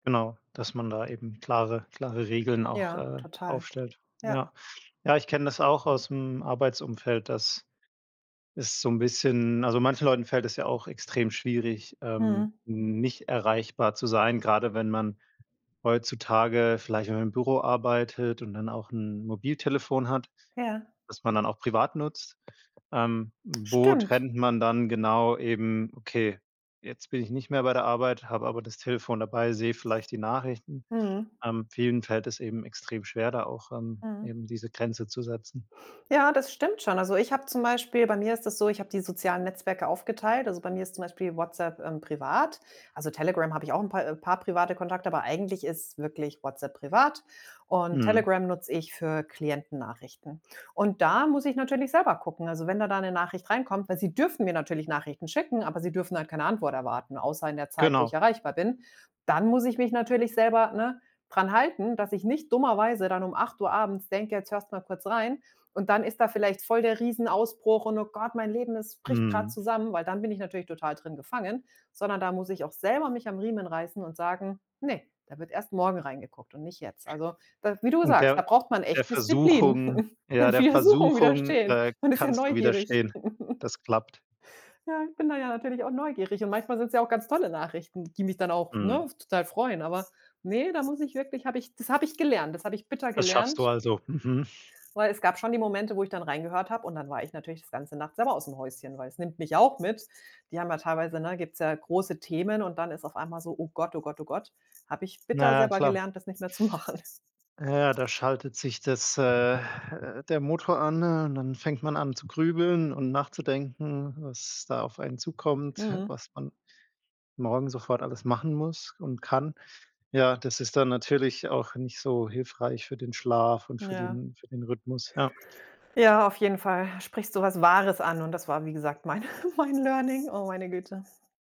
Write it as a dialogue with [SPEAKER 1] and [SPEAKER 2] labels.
[SPEAKER 1] Genau, dass man da eben klare klare Regeln auch,
[SPEAKER 2] Ja,
[SPEAKER 1] äh,
[SPEAKER 2] total.
[SPEAKER 1] aufstellt.
[SPEAKER 2] Ja.
[SPEAKER 1] Ja. Ja, ich kenne das auch aus'm Arbeitsumfeld, dass es so 'n bisschen also, manchen Leuten fällt es ja auch extrem schwierig, ähm,
[SPEAKER 2] Mhm.
[SPEAKER 1] nicht erreichbar zu sein, grade wenn man heutzutage vielleicht mal im Büro arbeitet und dann auch 'n Mobiltelefon hat,
[SPEAKER 2] Ja.
[SPEAKER 1] was man dann auch privat nutzt. Ähm, wo
[SPEAKER 2] Stimmt.
[SPEAKER 1] trennt man dann genau eben: „Okay, jetzt bin ich nicht mehr bei der Arbeit, habe aber das Telefon dabei, sehe vielleicht die Nachrichten.“
[SPEAKER 2] Mhm.
[SPEAKER 1] Ähm, vielen fällt es eben extrem schwer, da auch, ähm,
[SPEAKER 2] Mhm.
[SPEAKER 1] eben diese Grenze zu setzen.
[SPEAKER 2] Ja, das stimmt schon. Also, ich habe zum Beispiel bei mir ist das so, ich habe die sozialen Netzwerke aufgeteilt. Also, bei mir ist zum Beispiel WhatsApp, ähm, privat. Also, Telegram, habe ich auch paar, äh paar private Kontakte, aber eigentlich ist wirklich WhatsApp privat. Und
[SPEAKER 1] Mhm.
[SPEAKER 2] Telegram nutze ich für Klienten-Nachrichten. Und da muss ich natürlich selber gucken. Also, wenn dann da 'ne Nachricht reinkommt weil sie dürfen mir natürlich Nachrichten schicken, aber sie dürfen halt keine Antwort erwarten, außer in der Zeit, wo ich
[SPEAKER 1] Genau.
[SPEAKER 2] erreichbar bin. Dann muss ich mich natürlich selber, ne, dran halten, dass ich nicht dummerweise dann um 8:00 abends denke: „Jetzt hörst mal kurz rein.“ Und dann ist da vielleicht voll der Riesenausbruch und: „Oh Gott, mein Leben, es bricht gerade
[SPEAKER 1] Mhm.
[SPEAKER 2] zusammen.” Weil dann bin ich natürlich total drin gefangen, sondern da muss ich auch selber mich am Riemen reißen und sagen: „Ne, da wird erst morgen reingeguckt und nicht jetzt.“ Also, da wie du
[SPEAKER 1] Und
[SPEAKER 2] sagst, da
[SPEAKER 1] der
[SPEAKER 2] braucht man
[SPEAKER 1] der
[SPEAKER 2] echt Disziplin.
[SPEAKER 1] Versuchung ja, der
[SPEAKER 2] Versuchung
[SPEAKER 1] Versuchung,
[SPEAKER 2] widerstehen.
[SPEAKER 1] äh,
[SPEAKER 2] Man ist ja
[SPEAKER 1] kannst du
[SPEAKER 2] neugierig.
[SPEAKER 1] widerstehen? Das klappt?
[SPEAKER 2] Ja, bin da ja natürlich auch neugierig und manchmal sind's ja auch ganz tolle Nachrichten, die mich dann auch, ne,
[SPEAKER 1] Mhm.
[SPEAKER 2] total freuen. Aber, ne, da muss ich wirklich habe ich das habe ich gelernt, das habe ich bitter
[SPEAKER 1] Das schaffst du,
[SPEAKER 2] gelernt.
[SPEAKER 1] also, mhm.
[SPEAKER 2] Weil es gab schon die Momente, wo ich dann reingehört habe und dann war ich natürlich das ganze Nacht selber aus'm Häuschen, weil es nimmt mich auch mit. Die haben ja teilweise ne, gibt's ja große Themen und dann ist auf einmal so: „Oh Gott, oh Gott, oh Gott." Habe ich bitter
[SPEAKER 1] Na, ja
[SPEAKER 2] selber
[SPEAKER 1] klar.
[SPEAKER 2] gelernt, das nicht mehr zu machen.
[SPEAKER 1] Ja, da schaltet sich das, äh, äh der Motor an und dann fängt man an zu grübeln und nachzudenken, was da auf einen zukommt,
[SPEAKER 2] Mhm.
[SPEAKER 1] was man morgen sofort alles machen muss und kann. Ja, das ist dann natürlich auch nicht so hilfreich für den Schlaf und für
[SPEAKER 2] Ja.
[SPEAKER 1] den für den Rhythmus, ja.
[SPEAKER 2] Ja, auf jeden Fall. Da sprichst so was Wahres an und das war, wie gesagt, mein mein Learning. Oh, meine Güte.